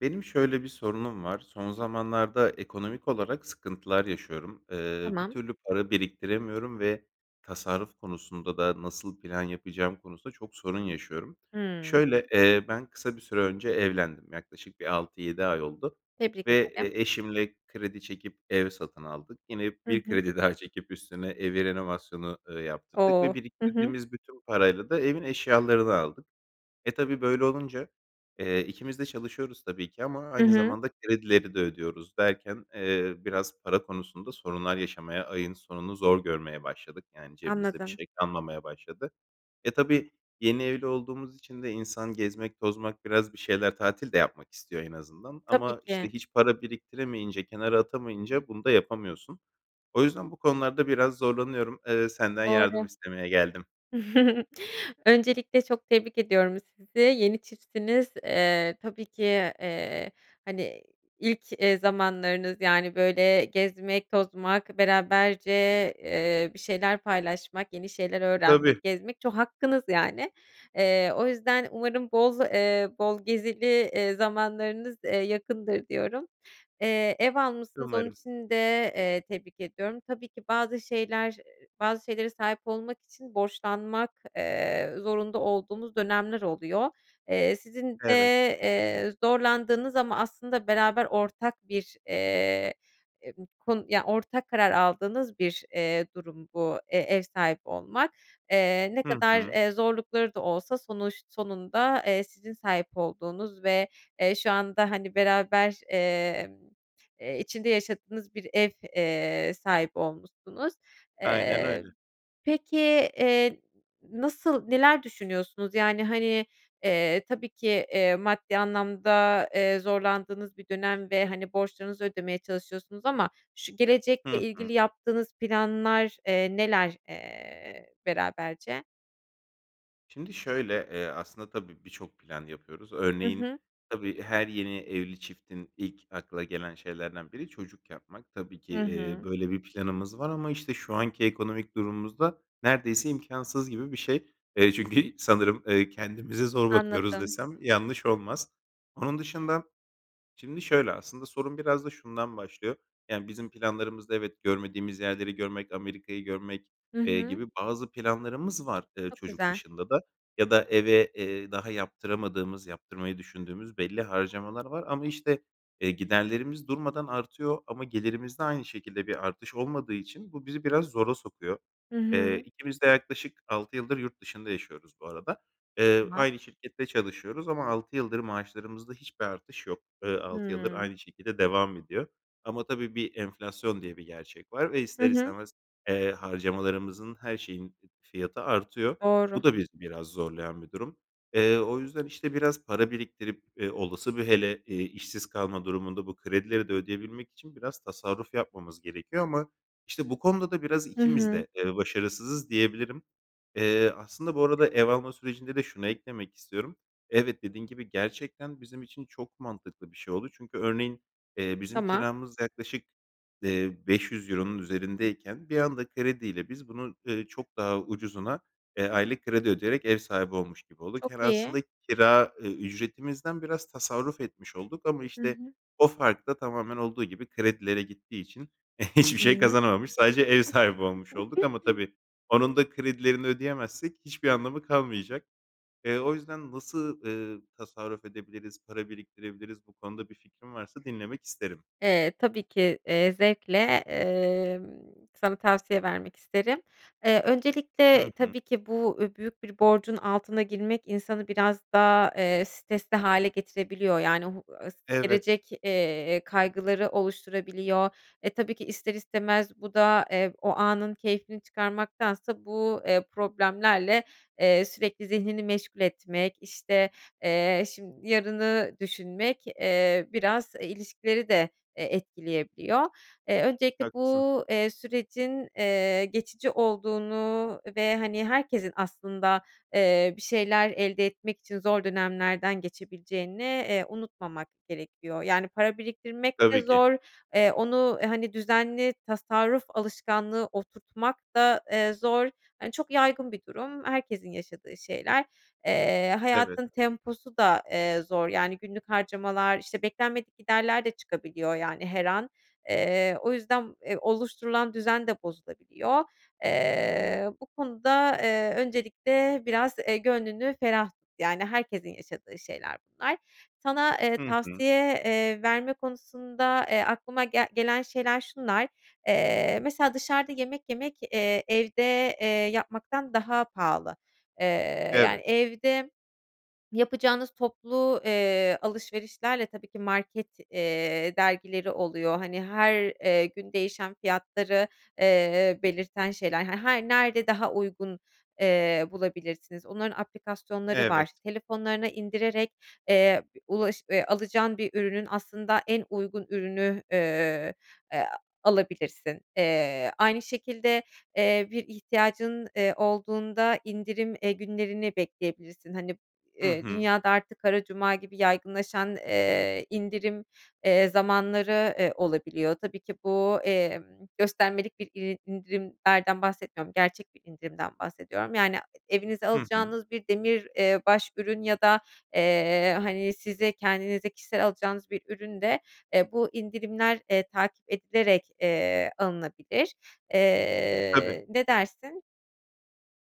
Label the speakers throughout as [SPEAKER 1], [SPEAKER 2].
[SPEAKER 1] Benim şöyle bir sorunum var. Son zamanlarda ekonomik olarak sıkıntılar yaşıyorum. Eee, bir
[SPEAKER 2] Tamam.
[SPEAKER 1] türlü para biriktiremiyorum ve tasarruf konusunda da nasıl plan yapacağım konusunda çok sorun yaşıyorum.
[SPEAKER 2] Hıı.
[SPEAKER 1] Şöyle, eee, ben kısa bir süre önce evlendim yaklaşık bir 6-7 ay oldu
[SPEAKER 2] Tebrik
[SPEAKER 1] ve
[SPEAKER 2] ederim.
[SPEAKER 1] e eşimle kredi çekip ev satın aldık. Yine
[SPEAKER 2] Hı
[SPEAKER 1] bir
[SPEAKER 2] hı.
[SPEAKER 1] kredi daha çekip üstüne evi renovasyonu, ııı, yaptırdık
[SPEAKER 2] O!
[SPEAKER 1] ve
[SPEAKER 2] Hı hı.
[SPEAKER 1] biriktirdiğimiz bütün parayla da evin eşyalarını aldık. E tabii, böyle olunca, eee, ikimiz de çalışıyoruz tabii ki ama
[SPEAKER 2] Hı
[SPEAKER 1] aynı
[SPEAKER 2] hı.
[SPEAKER 1] zamanda kredileri de ödüyoruz derken, eee, biraz para konusunda sorunlar yaşamaya ayın sonunu zor görmeye başladık. Yani cebimizde bir
[SPEAKER 2] Anladım.
[SPEAKER 1] şey kalmamaya başladı. E tabii, yeni evli olduğumuz için de insan gezmek tozmak biraz bir şeyler tatil de yapmak istiyor en azından.
[SPEAKER 2] Tabii
[SPEAKER 1] Ama, işte,
[SPEAKER 2] ki.
[SPEAKER 1] hiç para biriktiremeyince kenara atamayınca bunu da yapamıyorsun. O yüzden bu konularda biraz zorlanıyorum. Iıı, senden yardım
[SPEAKER 2] Doğru.
[SPEAKER 1] istemeye geldim.
[SPEAKER 2] Öncelikle çok tebrik ediyorum sizi. Yeni çiftsiniz, eee, tabii ki, eee, hani, iii, ilk, eee, zamanlarınız. Yani, böyle, gezmek, tozmak beraberce, eee, bir şeyler paylaşmak, yeni şeyler
[SPEAKER 1] Tabii.
[SPEAKER 2] öğrenmek, gezmek ço hakkınız yani. Eee, o yüzden umarım boz eee, bol gezili, eee, zamanlarınız, eee, yakındır diyorum. Eee, ev almışsınız onun
[SPEAKER 1] Umarım.
[SPEAKER 2] için de eee, tebrik ediyorum. Tabii ki bazı şeyler, ııı, bazı şeylere sahip olmak için borçlanmak, eee, zorunda olduğumuz dönemler oluyor. Eee, sizin de,
[SPEAKER 1] Evet.
[SPEAKER 2] eee, zorlandığınız ama aslında beraber ortak bir, eee, e bu konu Ya, ortak karar aldığınız bir, eee, durum bu, eee, ev sahibi olmak. Eee, ne
[SPEAKER 1] Hı
[SPEAKER 2] kadar,
[SPEAKER 1] hı.
[SPEAKER 2] eee, zorlukları da olsa sonuç sonunda, eee, sizin sahip olduğunuz ve, eee, şu anda, hani, beraber, emm, eee, içinde yaşadığınız bir ev, eee, sahibi olmuşsunuz.
[SPEAKER 1] Aynen
[SPEAKER 2] Eee,
[SPEAKER 1] öyle.
[SPEAKER 2] peki, eee, nasıl neler düşünüyorsunuz? Yani, hani, eee, tabii ki, eee, maddi anlamda, eee, zorlandığınız bir dönem ve, hani, borçlarınızı ödemeye çalışıyorsunuz ama ş gelecekle
[SPEAKER 1] Hı hı.
[SPEAKER 2] ilgili yaptığınız planlar, eee, neler, eee, beraberce?
[SPEAKER 1] Şimdi şöyle, eee, aslında tabii birçok plan yapıyoruz.
[SPEAKER 2] Hı
[SPEAKER 1] Örneğin,
[SPEAKER 2] hı.
[SPEAKER 1] tabii, her yeni evli çiftin, ilk akla gelen şeylerden biri, çocuk yapmak. Tabii ki,
[SPEAKER 2] Hı
[SPEAKER 1] eee,
[SPEAKER 2] hı.
[SPEAKER 1] böyle bir planımız var ama, işte, şu anki ekonomik durumumuzda, neredeyse imkânsız gibi bir şey. Eee, çünkü sanırım, eee, "Kendimize zor bakıyoruz."
[SPEAKER 2] Anladım.
[SPEAKER 1] desem yanlış olmaz. Onun dışında, şimdi şöyle, aslında sorun biraz da şundan başlıyor. Yani, bizim planlarımızda evet, görmediğimiz yerleri görmek, Amerika'yı görmek,
[SPEAKER 2] Hı
[SPEAKER 1] eee,
[SPEAKER 2] hı.
[SPEAKER 1] gibi bazı planlarımız var, eee,
[SPEAKER 2] Çok
[SPEAKER 1] çocuk
[SPEAKER 2] güzel.
[SPEAKER 1] dışında da. Ya da eve, eee, daha yaptıramadığımız, yaptırmayı düşündüğümüz belli harcamalar var ama işte, eee, giderlerimiz durmadan artıyor ama gelirimizde aynı şekilde bir artış olmadığı için bu bizi biraz zora sokuyor.
[SPEAKER 2] Hı
[SPEAKER 1] Eee,
[SPEAKER 2] hı.
[SPEAKER 1] ikimiz de yaklaşık 6 yıldır yurt dışında yaşıyoruz bu arada. Eee,
[SPEAKER 2] Tamam.
[SPEAKER 1] aynı şirkette çalışıyoruz ama 6 yıldır maaşlarımızda hiçbir artış yok. Eee, 6 yıldır
[SPEAKER 2] Hımm.
[SPEAKER 1] aynı şekilde devam ediyor ama tabii bir enflasyon diye bir gerçek var ve
[SPEAKER 2] Hı
[SPEAKER 1] ister
[SPEAKER 2] hı.
[SPEAKER 1] istemez, eee, harcamalarımızın her şeyin fiyatı artıyor. Bu
[SPEAKER 2] Doğru.
[SPEAKER 1] da bizi biraz zorlayan bir durum. Eee, o yüzden işte biraz para biriktirip, eee, olası, bir hele işsiz kalma durumunda, bu kredileri de ödeyebilmek için biraz tasarruf yapmamız gerekiyor ama işte, bu konuda da biraz
[SPEAKER 2] Hı
[SPEAKER 1] ikimiz
[SPEAKER 2] hı.
[SPEAKER 1] de, eee, başarısızız diyebilirim. Eee, aslında, bu arada ev alma sürecinde de şunu eklemek istiyorum. Evet, dediğin gibi, gerçekten bizim için çok mantıklı bir şey oldu. Çünkü, örneğin, eee, bizim
[SPEAKER 2] Tamam.
[SPEAKER 1] kiramız yaklaşık, eee, €500 üzerindeyken, bir anda krediyle, biz bunu, eee, çok daha ucuzuna, eee, aylık kredi ödeyerek ev sahibi olmuş gibi olduk. Yani,
[SPEAKER 2] Çok iyi.
[SPEAKER 1] aslında kira ücretimizden biraz tasarruf etmiş olduk ama,
[SPEAKER 2] Hı
[SPEAKER 1] işte,
[SPEAKER 2] hı.
[SPEAKER 1] o fark da, tamamen, olduğu gibi kredilere gittiği için, hiçbir şey
[SPEAKER 2] Hıı.
[SPEAKER 1] kazanamamış sadece ev sahibi olmuş olduk ama tabii, onun da kredilerini ödeyemezsek, hiçbir anlamı kalmayacak. Eee, o yüzden nasıl, eee, tasarruf edebiliriz, para biriktirebiliriz, bu konuda bir fikrin varsa dinlemek isterim.
[SPEAKER 2] Eee, tabii ki, eee, zevkle, emm, sana tavsiye vermek isterim. Eee,
[SPEAKER 1] Hı
[SPEAKER 2] öncelikle,
[SPEAKER 1] hı.
[SPEAKER 2] tabii ki, bu, büyük bir borcun altına girmek insanı biraz daha, eee, stresli hâle getirebiliyor. Yani, o h s
[SPEAKER 1] Evet
[SPEAKER 2] gelecek, eee, kaygıları oluşturabiliyor. E, tabii ki ister istemez bu da, eee, o anın keyfini çıkarmaktansa bu, eee, problemlerle, eee, sürekli zihnini meşgul etmek, işte, eee, şim yarını düşünmek, eee, biraz, e, ilişkileri de, e, etkileyebiliyor. Eee, öncelikle
[SPEAKER 1] Haklısın.
[SPEAKER 2] bu, eee, sürecin, eee, geçici olduğunu ve hani, herkesin aslında, eee, bir şeyler elde etmek için zor dönemlerden geçebileceğini, eee, unutmamak gerekiyor. Yani, para biriktirmek de
[SPEAKER 1] Tabii ki.
[SPEAKER 2] zor. Eee, onu hani, düzenli tasarruf alışkanlığı oturtmak da, eee, zor. Hani, çok yaygın bir durum. Herkesin yaşadığı şeyler. Eee,
[SPEAKER 1] Evet.
[SPEAKER 2] hayatın temposu da, eee, zor. Yani, günlük harcamalar, işte, beklenmedik giderler de çıkabiliyor, yani, her an. Eee, o yüzden, eee, oluşturulan düzen de bozulabiliyor. Eee, bu konuda, eee, öncelikle biraz, eee, gönlünü ferah tut, yani, herkesin yaşadığı şeyler bunlar. Sana, eee,
[SPEAKER 1] Hı hı.
[SPEAKER 2] tavsiye, eee, verme konusunda, eee, aklıma gel gelen şeyler şunlar. Eee, mesela dışarıda yemek yemek, eee, evde, eee, yapmaktan daha pahalı. Eee, yani,
[SPEAKER 1] Evet.
[SPEAKER 2] evde yapacağınız toplu, eee, alışverişlerle, tabii ki, market, eee, dergileri oluyor. Hani, her, eee, gün değişen fiyatları, eee, belirten şeyler, her hani, nerede daha uygun, eee, bulabilirsiniz onların aplikasyonları var.
[SPEAKER 1] Evet.
[SPEAKER 2] Telefonlarına indirerek, eee, ulaş eee, alacağın bir ürünün aslında en uygun ürünü, eee, e a alabilirsin. Eee, aynı şekilde, eee, bir ihtiyacın, eee, olduğunda indirim, eee, günlerini bekleyebilirsin. Hani,
[SPEAKER 1] Hı
[SPEAKER 2] eee,
[SPEAKER 1] hı.
[SPEAKER 2] dünyada artık, "Kara Cuma" gibi yaygınlaşan, eee, indirim, eee, zamanları, eee, olabiliyor. Tabii ki bu, emm, göstermelik bir iri indirimlerden bahsetmiyorum. Gerçek bir indirimden bahsediyorum. Yani, e evinize
[SPEAKER 1] Hı hı.
[SPEAKER 2] alacağınız bir demir, eee, baş ürün ya da, eee, hani size, kendinize kişisel alacağınız bir ürün de, eee, bu indirimler, eee, takip edilerek, eee, alınabilir.
[SPEAKER 1] Tabii.
[SPEAKER 2] Eee, ne dersin?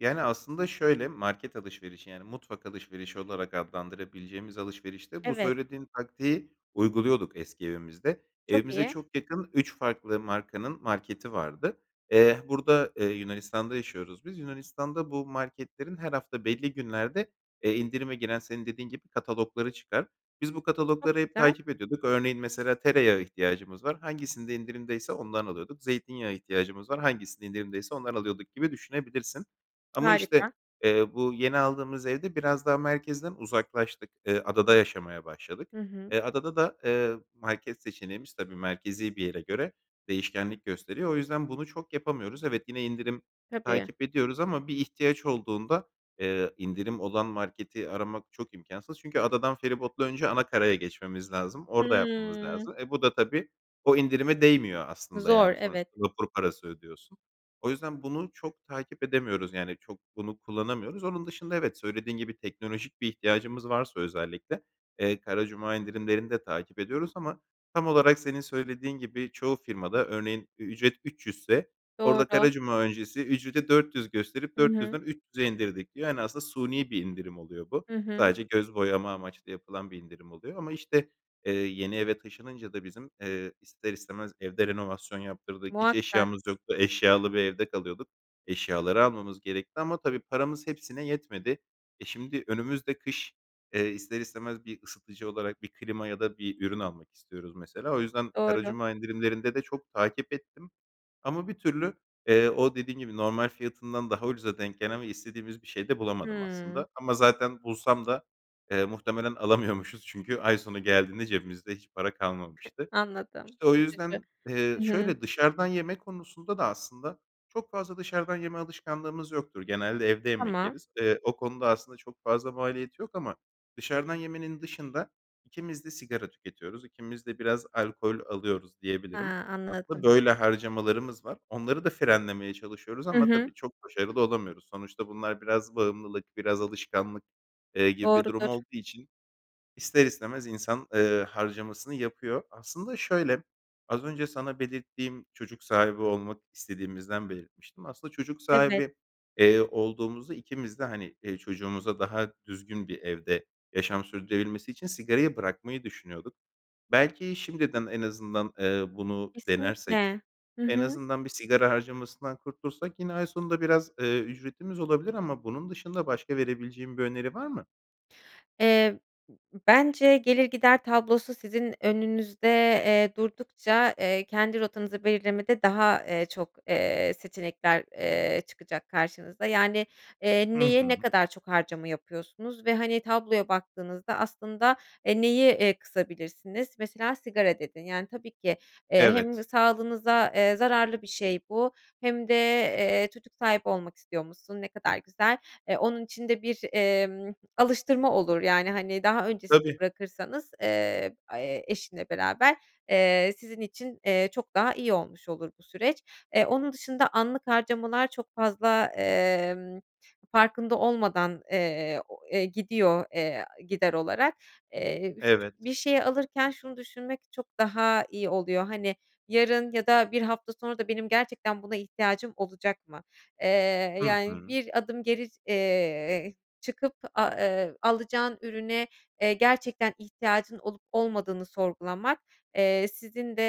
[SPEAKER 1] Yani, aslında şöyle: Market alışverişi, yani mutfak alışverişi olarak adlandırabileceğimiz alışverişte bu
[SPEAKER 2] Evet.
[SPEAKER 1] söylediğin taktiği uyguluyorduk eski evimizde.
[SPEAKER 2] Çok
[SPEAKER 1] Evimize
[SPEAKER 2] iyi.
[SPEAKER 1] çok yakın 3 farklı markanın marketi vardı. Eee, burada, eee, Yunanistan'da yaşıyoruz biz. Yunanistan'da bu marketlerin her hafta belli günlerde, eee, indirime giren, senin dediğin gibi, katalogları çıkar. Biz bu katalogları
[SPEAKER 2] Çok
[SPEAKER 1] hep
[SPEAKER 2] güzel.
[SPEAKER 1] takip ediyorduk. Örneğin, mesela, tereyağı ihtiyacımız var; hangisinde indirimdeyse ondan alıyorduk. Zeytinyağı ihtiyacımız var; hangisinde indirimdeyse ondan alıyorduk gibi düşünebilirsin. Ama,
[SPEAKER 2] Harika.
[SPEAKER 1] işte, eee, bu yeni aldığımız evde biraz daha merkezden uzaklaştık. Eee, adada yaşamaya başladık.
[SPEAKER 2] Hı hı.
[SPEAKER 1] Eee, adada da, eee, market seçeneğimiz, tabii, merkezi bir yere göre değişkenlik gösteriyor. O yüzden bunu çok yapamıyoruz. Evet, yine indirim
[SPEAKER 2] Tabii.
[SPEAKER 1] takip ediyoruz ama bir ihtiyaç olduğunda, eee, indirim olan marketi aramak çok imkânsız. Çünkü adadan feribotla önce ana karaya geçmemiz lazım. Orada yapmamız
[SPEAKER 2] Hıı.
[SPEAKER 1] lazım. E, bu da tabii o indirime değmiyor aslında.
[SPEAKER 2] Zor,
[SPEAKER 1] Yani
[SPEAKER 2] evet.
[SPEAKER 1] sonuçta vapur parası ödüyorsun. O yüzden bunu çok takip edemiyoruz, yani çok bunu kullanamıyoruz. Onun dışında evet, söylediğin gibi, teknolojik bir ihtiyacımız varsa özellikle, eee, Kara Cuma indirimlerini de takip ediyoruz ama tam olarak senin söylediğin gibi çoğu firmada örneğin ücret 300'se orada
[SPEAKER 2] Doğru.
[SPEAKER 1] kara cuma öncesi ücreti 400 gösterip
[SPEAKER 2] Hı
[SPEAKER 1] dört
[SPEAKER 2] hı.
[SPEAKER 1] yüzden üç yüze indirdik diyor. Yani aslında suni bir indirim oluyor bu.
[SPEAKER 2] Hı hı.
[SPEAKER 1] Sadece göz boyama amaçlı yapılan bir indirim oluyor ama, işte, eee, yeni eve taşınınca da bizim, eee, ister istemez evde renovasyon yaptırdık. Hiç
[SPEAKER 2] Muhakkak.
[SPEAKER 1] eşyamız yoktu. Eşyalı bir evde kalıyorduk. Eşyaları almamız gerekti ama tabii paramız hepsine yetmedi. E, şimdi, önümüzde kış, eee, ister istemez bir ısıtıcı olarak bir klima ya da bir ürün almak istiyoruz mesela, o yüzden Kara
[SPEAKER 2] Doğru.
[SPEAKER 1] Cuma indirimlerinde de çok takip ettim. Ama bir türlü, eee, o, dediğin gibi, normal fiyatından daha ucuza denk gelen ve istediğimiz bir şey de bulamadım
[SPEAKER 2] Hımm.
[SPEAKER 1] aslında. Ama zaten bulsam da, eee, muhtemelen alamıyormuşuz. Çünkü ay sonu geldiğinde cebimizde hiç para kalmamıştı.
[SPEAKER 2] Anladım,
[SPEAKER 1] İşte o
[SPEAKER 2] üzücü.
[SPEAKER 1] yüzden Eee,
[SPEAKER 2] Hı hı.
[SPEAKER 1] şöyle dışarıdan yeme konusunda da aslında çok fazla dışarıdan yeme alışkanlığımız yoktur. Genelde evde yemek
[SPEAKER 2] Tamam.
[SPEAKER 1] yeriz. Eee, o konuda aslında çok fazla maliyeti yok ama dışarıdan yemenin dışında ikimiz de sigara tüketiyoruz, ikimiz de biraz alkol alıyoruz diyebilirim.
[SPEAKER 2] Ha,
[SPEAKER 1] Aslında
[SPEAKER 2] anladım.
[SPEAKER 1] böyle harcamalarımız var. Onları da frenlemeye çalışıyoruz
[SPEAKER 2] Hı
[SPEAKER 1] ama
[SPEAKER 2] hı.
[SPEAKER 1] tabii çok başarılı olamıyoruz. Sonuçta bunlar biraz bağımlılık, biraz alışkanlık, eee, gibi bir durum
[SPEAKER 2] Doğrudur.
[SPEAKER 1] olduğu için ister istemez insan, eee, harcamasını yapıyor. Aslında şöyle: Az önce sana belirttiğim çocuk sahibi olmak istediğimizden belirtmiştim. Aslında çocuk
[SPEAKER 2] Evet.
[SPEAKER 1] sahibi, eee, olduğumuzda ikimiz de, hani, eee, çocuğumuza daha düzgün bir evde yaşam sürdürebilmesi için sigarayı bırakmayı düşünüyorduk. Belki şimdiden en azından, eee, bunu
[SPEAKER 2] Kesinlikle,
[SPEAKER 1] denersek,
[SPEAKER 2] hı
[SPEAKER 1] en
[SPEAKER 2] hı.
[SPEAKER 1] azından bir sigara harcamasından kurtulsak yine ay sonunda biraz, eee, ücretimiz olabilir ama bunun dışında başka verebileceğin bir öneri var mı?
[SPEAKER 2] Eee, b b bence gelir gider tablosu sizin önünüzde, eee, durdukça, eee, kendi rotanızı belirlemede daha, eee, çok, eee, seçenekler, eee, çıkacak karşınıza. Yani, eee,
[SPEAKER 1] Hı
[SPEAKER 2] neye ne
[SPEAKER 1] hı.
[SPEAKER 2] kadar çok harcama yapıyorsunuz ve, hani, tabloya baktığınızda aslında, eee, neyi, eee, kısabilirsiniz? Mesela sigara dedin. Yani, tabii ki, eee, hem
[SPEAKER 1] Evet.
[SPEAKER 2] sağlığınıza, eee, zararlı bir şey bu hem de, eee, çocuk sahibi olmak istiyormuşsun, ne kadar güzel. Eee, onun için de bir, emm, alıştırma olur yani, hani, daha öncesinde
[SPEAKER 1] Tabii.
[SPEAKER 2] bırakırsanız, eee, aaa, eşinle beraber, eee, sizin için, eee, çok daha iyi olmuş olur bu süreç. Eee, onun dışında anlık harcamalar çok fazla, emm, farkında olmadan, eee, o, eee, gidiyor, eee, aaa, gider olarak. Eee, bifıç
[SPEAKER 1] Evet.
[SPEAKER 2] bir şeyi alırken şunu düşünmek çok daha iyi oluyor. Hani, yarın ya da 1 hafta sonra da benim gerçekten buna ihtiyacım olacak mı? Eee,
[SPEAKER 1] Hı
[SPEAKER 2] yani
[SPEAKER 1] hı.
[SPEAKER 2] bir adım geri, eee, çıkıp, aaa, eee, alacağın ürüne, eee, gerçekten ihtiyacın olup olmadığını sorgulamak, eee, sizin de,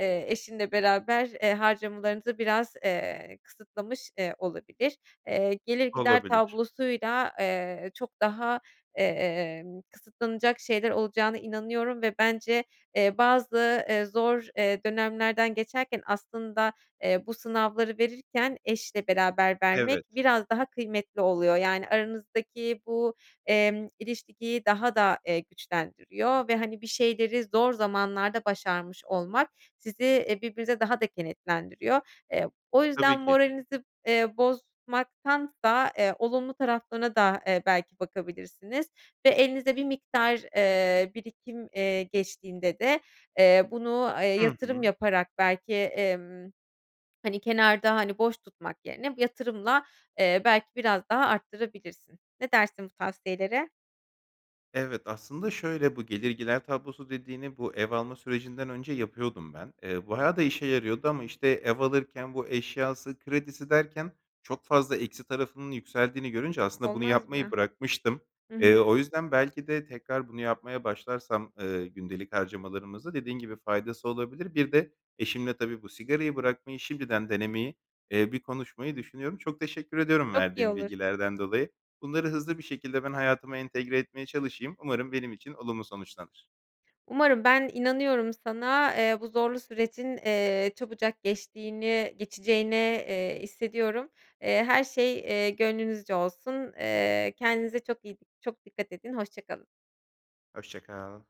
[SPEAKER 2] eee, eşinle beraber, eee, harcamalarınızı biraz, eee, kısıtlamış, eee, olabilir. Eee, gelir gider
[SPEAKER 1] Olabilir.
[SPEAKER 2] tablosuyla, eee, çok daha, emm, kısıtlanacak şeyler olacağına inanıyorum ve bence, eee, bazı, eee, zor, eee, dönemlerden geçerken aslında, eee, bu sınavları verirken eşle beraber vermek
[SPEAKER 1] Evet.
[SPEAKER 2] biraz daha kıymetli oluyor. Yani, aranızdaki bu, emm, ilişkiyi daha da, eee, güçlendiriyor ve, hani, bir şeyleri zor zamanlarda başarmış olmak sizi, eee, birbirinize daha da kenetlendiriyor. Eee, o yüzden
[SPEAKER 1] Tabii ki.
[SPEAKER 2] moralinizi, eee, bozmaktansa, eee, olumlu taraflarına da, eee, belki bakabilirsiniz ve elinize bir miktar, eee, birikim, eee, geçtiğinde de, eee, bunu, eee,
[SPEAKER 1] Hı
[SPEAKER 2] yatırım
[SPEAKER 1] hı.
[SPEAKER 2] yaparak belki, emm, hani, kenarda, hani, boş tutmak yerine yatırımla, eee, belki biraz daha arttırabilirsin. Ne dersin bu tavsiyelere?
[SPEAKER 1] Evet, aslında şöyle: Bu gelir gider tablosu dediğini bu ev alma sürecinden önce yapıyordum ben. Eee, bayağı da işe yarıyordu ama, işte, ev alırken bu eşyası kredisi derken çok fazla eksi tarafının yükseldiğini görünce aslında bunu
[SPEAKER 2] Olmaz
[SPEAKER 1] yapmayı
[SPEAKER 2] mı?
[SPEAKER 1] bırakmıştım.
[SPEAKER 2] Hı hı.
[SPEAKER 1] Eee, o yüzden belki de tekrar bunu yapmaya başlarsam, ııı, gündelik harcamalarımızda dediğin gibi faydası olabilir. Bir de eşimle tabii bu sigarayı bırakmayı şimdiden denemeyi, eee, bir konuşmayı düşünüyorum. Çok teşekkür ediyorum
[SPEAKER 2] Çok iyi
[SPEAKER 1] verdiğin
[SPEAKER 2] olur.
[SPEAKER 1] bilgilerden dolayı. Bunları hızlı bir şekilde ben hayatıma entegre etmeye çalışayım. Umarım benim için olumlu sonuçlanır.
[SPEAKER 2] Umarım ben inanıyorum sana, eee, bu zorlu sürecin, eee, çabucak geçtiğini geçeceğini, eee, hissediyorum. Eee, her şey, eee, gönlünüzce olsun. Eee, kendinize çok iyi çok dikkat edin hoşça kalın.
[SPEAKER 1] Hoşça kal.